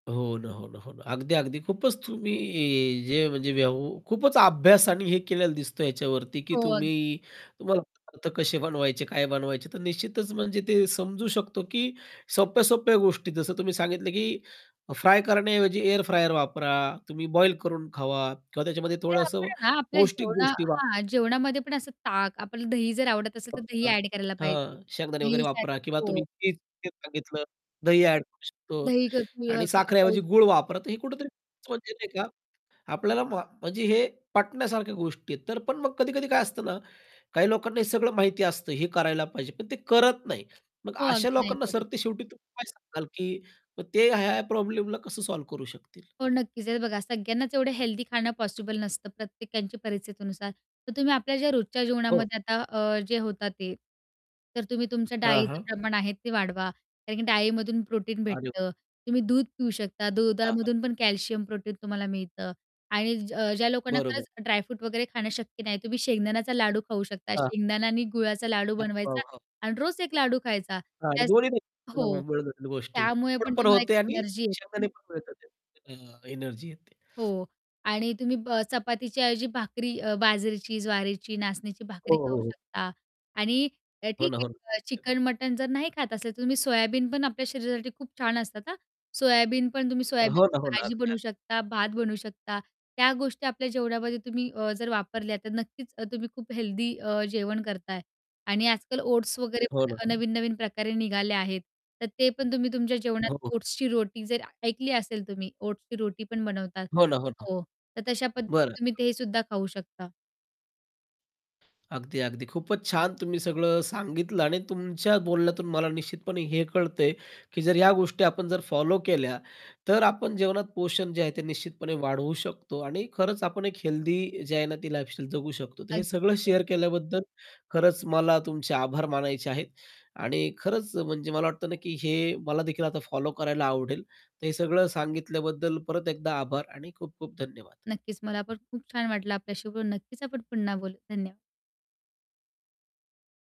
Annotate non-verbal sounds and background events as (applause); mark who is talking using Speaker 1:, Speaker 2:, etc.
Speaker 1: हो ना. हो ना, हो ना. अगदी, अगदी. खूपच तुम्ही जे म्हणजे व्यव् खूपच अभ्यास आणि हे केलेला दिसतो याच्यावरती की
Speaker 2: हो. अग
Speaker 1: तुम्ही तुम्हाला पदार्थ कसे बनवायचे, काय बनवायचे. तर निश्चितच म्हणजे ते समजू शकतो की सोप्या-सोप्या गोष्टी जसं तुम्ही सांगितलं की फ्राय करण्याऐवजी एअर फ्रायर वापरा, तुम्ही बॉईल करून खावा किंवा त्याच्यामध्ये
Speaker 2: नाही आपण
Speaker 1: थोडंसं
Speaker 2: आहे ना आपल्या
Speaker 1: पौष्टिक
Speaker 2: जेवणा
Speaker 1: गोष्टी वा
Speaker 2: हां, जेवणामध्ये पण असं ताक आपल्याला दही जर आवडत असेल तर दही
Speaker 1: वापरा.
Speaker 2: ॲड करायला पाहिजे.
Speaker 1: हां, शेंगदाणे वगैरे
Speaker 2: दही साठ
Speaker 1: वापरा किंवा
Speaker 2: हो.
Speaker 1: तुम्ही (unintelligible) सांगितलं. दही ॲड करू शकतो.
Speaker 2: दही क ऊ
Speaker 1: आणि
Speaker 2: खाऊ
Speaker 1: साखरेऐवजी गूळ
Speaker 2: शकतो. (unintelligible)
Speaker 1: वापरा. तर हे कुठेतरी खरंच म्हणजे नाही का आपल्याला मा म्हणजे हे पटण्यासारख्या गोष्टी आहेत. तर पण मग कधी-कधी काय असतं ना, काही लोकांना हे सगळं माहिती असतं हे करायला पाहिजे. पण ते करत नाही. मग
Speaker 2: हो.
Speaker 1: अशा
Speaker 2: अगदी नाही
Speaker 1: लोकांना
Speaker 2: करत.
Speaker 1: सरते शेवटी तुम्ही काय सांगाल की मग ते ह्या-ह्या प्रॉब्लेमला कसं सॉल्व्ह करू शकतील?
Speaker 2: हो. नक्कीच. हे बघा सगळ्यांनाच एवढं हेल्थी खाणं पॉसिबल नसतं प्रत्येकांची परिस्थितीनुसार. तर तुम्ही आपल्या ज्या रोजच्या
Speaker 1: हो.
Speaker 2: जीवनामध्ये आता अ, जे होतं ते, तर तुम्ही तुमच्या
Speaker 1: हां,
Speaker 2: डाळीचं
Speaker 1: हां.
Speaker 2: प्रमाण आहे ते वाढवा कारण की डाळीमधून प्रोटीन
Speaker 1: अरे व
Speaker 2: भेटतं. तुम्ही दूध पिऊ शकता.
Speaker 1: हां. हां.
Speaker 2: दुधामधून पण कॅल्शियम, प्रोटीन तुम्हाला मिळतं आणि ज ज्या लोकांना
Speaker 1: बरोबर.
Speaker 2: खरंच ड्राय फ्रूट वगैरे खाणं शक्य नाही, तुम्ही शेंगदाण्याचा लाडू खाऊ शकता.
Speaker 1: हां.
Speaker 2: शेंगदाण्याने गुळाचा लाडू
Speaker 1: अ, हो.
Speaker 2: बनवायचा
Speaker 1: हो.
Speaker 2: आणि रोज एक लाडू खायचा त्याच हो.
Speaker 1: (unintelligible) गोष्टी.
Speaker 2: त्यामुळे पण
Speaker 1: (unintelligible) पण
Speaker 2: तुम्हाला एक
Speaker 1: होते आणि
Speaker 2: एनर्जी येते.
Speaker 1: शेंगदाणे पण मिळतात. अ, एनर्जी येते.
Speaker 2: हो. आणि तुम्ही ब चपातीच्या ऐवजी भाकरी अ, बाजरीची, ज्वारीची, नाचणीची भाकरी
Speaker 1: हो, हो,
Speaker 2: खाऊ
Speaker 1: हो.
Speaker 2: शकता. आणि
Speaker 1: हो
Speaker 2: ठीक
Speaker 1: ना. हो ना.
Speaker 2: आहे
Speaker 1: (unintelligible)
Speaker 2: चिकन-मटण जर नाही खात असेल तर तुम्ही सोयाबीन पण आपल्या शरीरासाठी खूप छान असतात हां. सोयाबीन पण तुम्ही
Speaker 1: हो ना.
Speaker 2: सोयाबीनची
Speaker 1: हो ना.
Speaker 2: भाजी
Speaker 1: अगदी.
Speaker 2: बनवू
Speaker 1: अगदी.
Speaker 2: शकता, भात बनवू शकता. त्या गोष्टी जेवणामध्ये तुम्ही अ, जर वापरल्या तर नक्कीच अ, तुम्ही खूप हेल्दी अ, जेवण करताय आणि आजकाल ओट्स वगैरे
Speaker 1: हो ना.
Speaker 2: पण
Speaker 1: हो ना.
Speaker 2: नवीन-नवीन प्रकारे निघाले आहेत. तर ते पण तुम्ही तुमच्या जेवणात
Speaker 1: हो. हो.
Speaker 2: ओट्सची रोटी जर ऐकली असेल तुम्ही ओट्सची रोटी पण बनवता.
Speaker 1: हो ना. हो ना.
Speaker 2: हो. तर तशा पद्धतीने
Speaker 1: बरं.
Speaker 2: तुम्ही ते सुद्धा खाऊ शकता.
Speaker 1: अगदी, अगदी. खूपच छान तुम्ही सगळं सांगितलं आणि तुमच्या बोलण्यातून मला निश्चितपणे हे कळतंय की जर ह्या गोष्टी आपण जर फॉलो केल्या, तर आपण जेवणात पोषण जे आहे ते निश्चितपणे वाढवू शकतो. आणि खरंच आपण एक हेल्थी जी आहे ना ती लाईफस्टाईल जगू शकतो. तर हे
Speaker 2: अगदी
Speaker 1: सगळं
Speaker 2: खरंय.
Speaker 1: शेअर केल्याबद्दल खरंच मला तुमचे आभार मानायचे आहेत आणि खरंच म्हणजे मला वाटतं ना की हे मला देखील आता फॉलो करायला आवडेल. तर हे सगळं सांगितल्याबद्दल परत एकदा आभार आणि खूप-खूप धन्यवाद.
Speaker 2: नक्कीच. मला पण खूप छान वाटलं आपल्याशी बोलून. नक्कीच आपण पुन्हा बोलू. धन्यवाद.